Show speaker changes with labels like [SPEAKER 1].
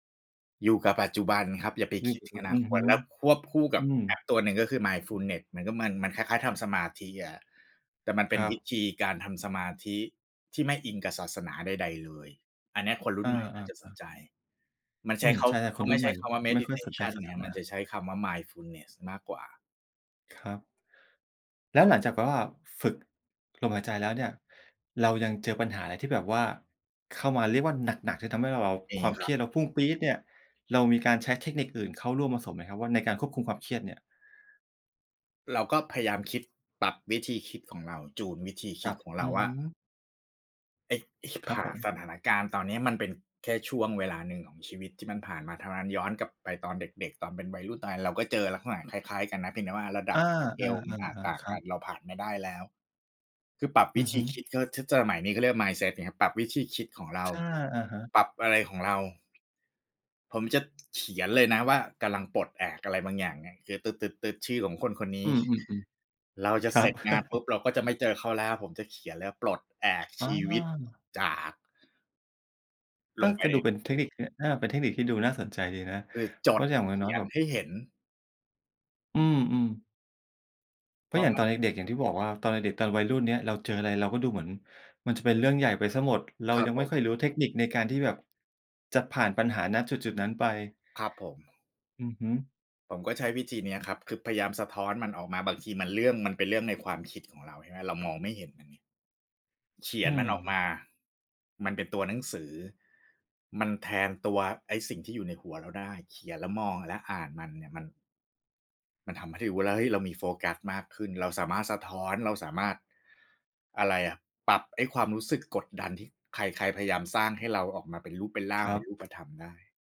[SPEAKER 1] อยู่กับปัจจุบันครับ อย่าไป
[SPEAKER 2] อื
[SPEAKER 1] ค
[SPEAKER 2] ม
[SPEAKER 1] ิดถึงอน
[SPEAKER 2] อ
[SPEAKER 1] า
[SPEAKER 2] ือ
[SPEAKER 1] ค
[SPEAKER 2] ฮ
[SPEAKER 1] ต
[SPEAKER 2] ึ
[SPEAKER 1] แล้วควบคู่ก
[SPEAKER 2] อ
[SPEAKER 1] ั
[SPEAKER 2] ื
[SPEAKER 1] บแอ
[SPEAKER 2] ม
[SPEAKER 1] ปตัวหนึ่งก็คือ Mindfulness เหมือนกับมัน มันคล้าย ๆ ทำสมาธิอะ แต่มันเป
[SPEAKER 2] ค
[SPEAKER 1] ็น
[SPEAKER 2] รั
[SPEAKER 1] วิ
[SPEAKER 2] บ
[SPEAKER 1] ธีการทำสมาธิที่ไม่อิงกับศาสนาใด ๆ เลย อันเนี้ยคนรุ่
[SPEAKER 2] อ
[SPEAKER 1] นใหม่น่าจะสน
[SPEAKER 2] า ๆ ๆ
[SPEAKER 1] ใจ มัน
[SPEAKER 2] อ
[SPEAKER 1] ใช
[SPEAKER 2] ื
[SPEAKER 1] ้
[SPEAKER 2] ม
[SPEAKER 1] เขา
[SPEAKER 2] ใช่ ๆ
[SPEAKER 1] เข
[SPEAKER 2] ค
[SPEAKER 1] า
[SPEAKER 2] น
[SPEAKER 1] ไ
[SPEAKER 2] ร
[SPEAKER 1] ม
[SPEAKER 2] ุ่
[SPEAKER 1] ่
[SPEAKER 2] นใ
[SPEAKER 1] ใช
[SPEAKER 2] ห
[SPEAKER 1] ้
[SPEAKER 2] ม่
[SPEAKER 1] คำว่า
[SPEAKER 2] ไม่ค่อยสนใจ
[SPEAKER 1] meditation
[SPEAKER 2] ศา
[SPEAKER 1] ไง
[SPEAKER 2] ส
[SPEAKER 1] ครับ
[SPEAKER 2] นา
[SPEAKER 1] มันจะใช้คำว่า mindfulness มากกว่า
[SPEAKER 2] ครับ แล้วหลังจากแบบว่าฝึกลมหายใจแล้วเนี่ย เรายังเจอปัญหาอะไรที่แบบว่าเข้ามาเรียกว่า หนัก ๆ จนทำให้ว่าเรา
[SPEAKER 1] ม
[SPEAKER 2] ค
[SPEAKER 1] ี
[SPEAKER 2] วาม
[SPEAKER 1] ค
[SPEAKER 2] เ
[SPEAKER 1] ร
[SPEAKER 2] ค
[SPEAKER 1] ั
[SPEAKER 2] รี
[SPEAKER 1] บ
[SPEAKER 2] ยดเราพุ่งปรี๊ดเนี่ย เรามีการใช้เทคนิคอื่นเข้าร่วมผสมไหมครับ? ว่า ในการควบคุมความเครียดเนี่ย
[SPEAKER 1] เราก็พยายามคิด ปรับวิธีคิดของเรา จูนวิธีค
[SPEAKER 2] ค
[SPEAKER 1] ิ
[SPEAKER 2] ร
[SPEAKER 1] ด
[SPEAKER 2] ับ
[SPEAKER 1] ของเร
[SPEAKER 2] อื
[SPEAKER 1] า
[SPEAKER 2] อ
[SPEAKER 1] ว่
[SPEAKER 2] ฮ
[SPEAKER 1] า
[SPEAKER 2] ึ
[SPEAKER 1] ไอ้ ไอ้ฉิบ
[SPEAKER 2] ครั
[SPEAKER 1] ห
[SPEAKER 2] บ
[SPEAKER 1] ่า
[SPEAKER 2] ผม
[SPEAKER 1] สถานการณ์ตอนเนี้ยมันเป็นแค่ช่วงเวลาหนึ่งของชีวิตที่มันผ่านมาเท่านั้น ย้อนกลับไปตอนเด็ก ๆ ตอนเป็นวัยรุ่น ตอนนั้นเราก็เจอลักษณะคล้าย ๆ กันนะ เพียงแต่ว่าระด
[SPEAKER 2] อ
[SPEAKER 1] ั
[SPEAKER 2] า
[SPEAKER 1] บ สเกล มันอาจต
[SPEAKER 2] ๆ
[SPEAKER 1] ่
[SPEAKER 2] ๆ
[SPEAKER 1] า
[SPEAKER 2] ๆ
[SPEAKER 1] ง
[SPEAKER 2] คร
[SPEAKER 1] ก
[SPEAKER 2] ั
[SPEAKER 1] ั
[SPEAKER 2] บ
[SPEAKER 1] น เราผ่านมาได้แล้ว คือปรับ
[SPEAKER 2] อ
[SPEAKER 1] วิ
[SPEAKER 2] ือ
[SPEAKER 1] ธ
[SPEAKER 2] ฮ
[SPEAKER 1] ี
[SPEAKER 2] ึ
[SPEAKER 1] คิด ก็ถ้าสมัย นี้เขาเรียกว่า mindset ไงครับ ปรับวิธีคิดของเรา
[SPEAKER 2] ใช่ อะฮะ
[SPEAKER 1] ปรับอะไรของเรา ผมจะเขียนเลยนะว่า กำลังปลดแอกอะไรบางอย่างเนี่ย คือ ตึ๊ด ๆ ๆ ชื่อของคนคนนี
[SPEAKER 2] อ
[SPEAKER 1] ้
[SPEAKER 2] ืม ๆ
[SPEAKER 1] เราจ
[SPEAKER 2] ๆ ค
[SPEAKER 1] ะ
[SPEAKER 2] ร
[SPEAKER 1] เ
[SPEAKER 2] ั
[SPEAKER 1] สร็
[SPEAKER 2] บ
[SPEAKER 1] จงานปุ๊บ เราก็จะไม่เจอเขาแล้ว ผมจะเขียนเลยครับ "ปลดแอก
[SPEAKER 2] อ
[SPEAKER 1] ชีวิต
[SPEAKER 2] ๋อ
[SPEAKER 1] จาก" ล
[SPEAKER 2] เออ
[SPEAKER 1] งไป
[SPEAKER 2] ก็
[SPEAKER 1] ใน
[SPEAKER 2] ดู
[SPEAKER 1] ห
[SPEAKER 2] เ
[SPEAKER 1] น
[SPEAKER 2] ป
[SPEAKER 1] ั
[SPEAKER 2] ็น
[SPEAKER 1] ง
[SPEAKER 2] เ
[SPEAKER 1] ส
[SPEAKER 2] ท
[SPEAKER 1] ื
[SPEAKER 2] ค
[SPEAKER 1] อ
[SPEAKER 2] นิค เอ่อ อา เป็นเทคนิคที่ดูน่าสนใจดีนะ
[SPEAKER 1] คือ จ
[SPEAKER 2] เพร
[SPEAKER 1] ด
[SPEAKER 2] าะอย่างน
[SPEAKER 1] เข
[SPEAKER 2] ้
[SPEAKER 1] ี
[SPEAKER 2] อย
[SPEAKER 1] ย
[SPEAKER 2] ๆ แ
[SPEAKER 1] น
[SPEAKER 2] บบ
[SPEAKER 1] ให้เห็น
[SPEAKER 2] อืม ๆ เ
[SPEAKER 1] พ
[SPEAKER 2] พรา
[SPEAKER 1] อ
[SPEAKER 2] ะอย่าง
[SPEAKER 1] มั
[SPEAKER 2] ต
[SPEAKER 1] น
[SPEAKER 2] อนเด็ก ๆ อย่างที่บอกว่า ตอนเด็ก ๆ ตอนวัยรุ่นเนี่ย เราเจออะไรเราก็ดูเหมือนมันจะเป็นเรื่องใหญ่ไปเสียหมด เรา
[SPEAKER 1] ครั
[SPEAKER 2] ย
[SPEAKER 1] บ
[SPEAKER 2] ัง
[SPEAKER 1] ผ
[SPEAKER 2] ไม่
[SPEAKER 1] ม
[SPEAKER 2] ค่อยรู้เทคนิคในการที่แบบจะผ่านปัญหา ณ จุด ๆ นั้นไป
[SPEAKER 1] ครับผม
[SPEAKER 2] อือฮึ
[SPEAKER 1] ผมก็ใช้วิธีเนี้ยครับ คือพยายามสะท้อนมันออกมา บางทีมันเรื่อง มันเป็นเรื่องในความคิดของเราใช่ไหม เรามองไม่เห็นมันไง เขี
[SPEAKER 2] อื
[SPEAKER 1] ยนมันออก
[SPEAKER 2] ม
[SPEAKER 1] มา มันเป็นตัวหนังสือ มันแทนตัวไอ้สิ่งที่อยู่ในหัวเราได้ เขียนแล้วมอง แล้วอ่านมันเนี่ย มัน มันทำให้รู้แล้วว่า เฮ้ย เรามีโฟกัสมากขึ้น เราสามารถสะท้อน เราสามารถ อะไรอะ ปรับไอ้ความรู้สึกกดดันที่ใคร ๆ พยายามสร้างให้เราออกมาเป็นรูปเป็นร่
[SPEAKER 2] ค
[SPEAKER 1] าง
[SPEAKER 2] ร
[SPEAKER 1] เ
[SPEAKER 2] ั
[SPEAKER 1] ป็
[SPEAKER 2] บ
[SPEAKER 1] นรูปธรรมได้